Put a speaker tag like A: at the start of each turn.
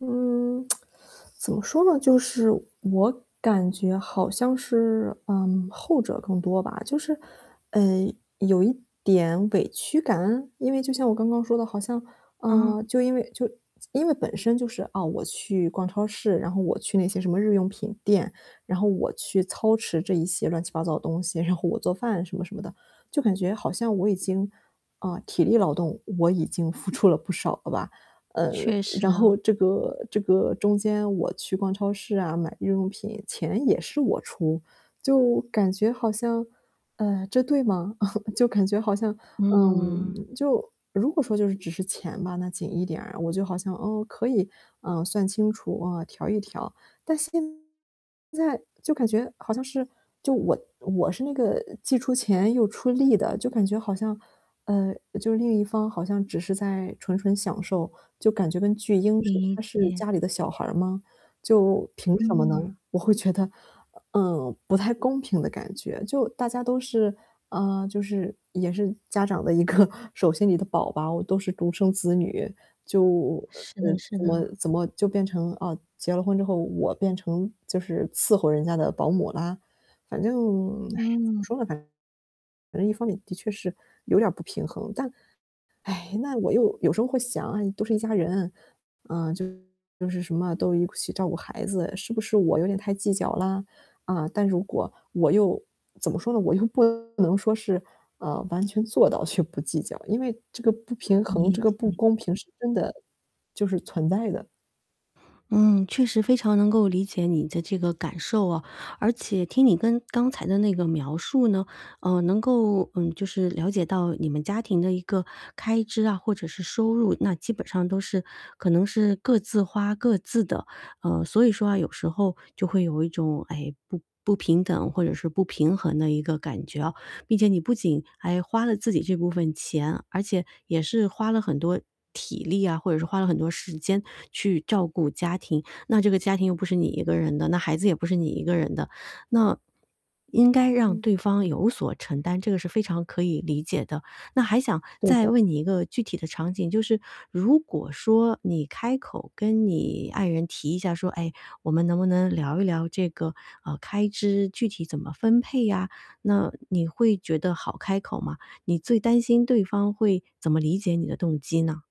A: 嗯，怎么说呢，就是我感觉好像是，嗯，后者更多吧。就是，嗯，有一点委屈感？因为就像我刚刚说的，好像，呃，
B: 嗯。
A: 就因为就是因为本身就是，啊，我去逛超市，然后我去那些什么日用品店，然后我去操持这一些乱七八糟的东西，然后我做饭什么什么的。就感觉好像我已经，呃，体力劳动，我已经付出了不少了吧。呃，
B: 确实
A: 然后
B: 啊。
A: 这个这个中间我去逛超市啊，买日用品，钱也是我出，就感觉好像，呃，这对吗？就感觉好像
B: 嗯。
A: 嗯，就如果说就是只是钱嘛吧，那紧一点，我就好像，哦，可以，呃，算清楚啊，调一调。但现在就感觉好像是，就我我是那个既出钱又出力的，就感觉好像，嗯，就是另一方好像只是在纯纯享受，就感觉跟巨婴似的，
B: 理
A: 他是
B: 解。
A: 家里的小孩儿吗，就凭什么呢？
B: 嗯。
A: 我会觉得，嗯，不太公平的感觉。就大家都是啊，就是也是家长的一个手心里的宝宝，都是独生子女，就，呃，
B: 是的是
A: 怎么
B: 的。
A: 怎么就变成了啊，结了婚之后，我变成就是伺候人家的保姆啦？反正，哎呀，怎么
B: 嗯。
A: 说呢，反正一方面的确是有点儿不平衡。但，唉，那我又有时候会想啊，都是一家人，啊，就都是什么都一起照顾孩子，是不是我有点太计较了？啊，但如果我又怎么说呢，我又不能说是，呃，完全做到就不计较。因为这个不平衡、
B: 理
A: 这个不
B: 解。
A: 公平是真的就是存在的。
B: 嗯，确实非常能够理解你的这个感受啊，而且听你跟刚才的那个描述呢，呃，能够，嗯，就是了解到你们家庭的一个开支啊，或者是收入，那基本上都是可能是各自花各自的，呃，所以说啊有时候就会有一种，哎，不不平等或者是不平衡的一个感觉哦。毕竟你不仅还花了自己这部分钱，而且也是花了很多体力啊，或者是花了很多时间去照顾家庭。那这个家庭又不是你一个人的，那孩子也不是你一个人的，那，应该让对
A: 嗯。
B: 方有所承担，这个是非常可以理解的。那还想
A: 对
B: 再
A: 的。
B: 问你一个具体的场景，就是如果说你开口跟你爱人提一下说，哎，我们能不能聊一聊这个，呃，开支具体怎么分配呀，那你会觉得好开口吗？你最担心对方会怎么理解你的动机呢？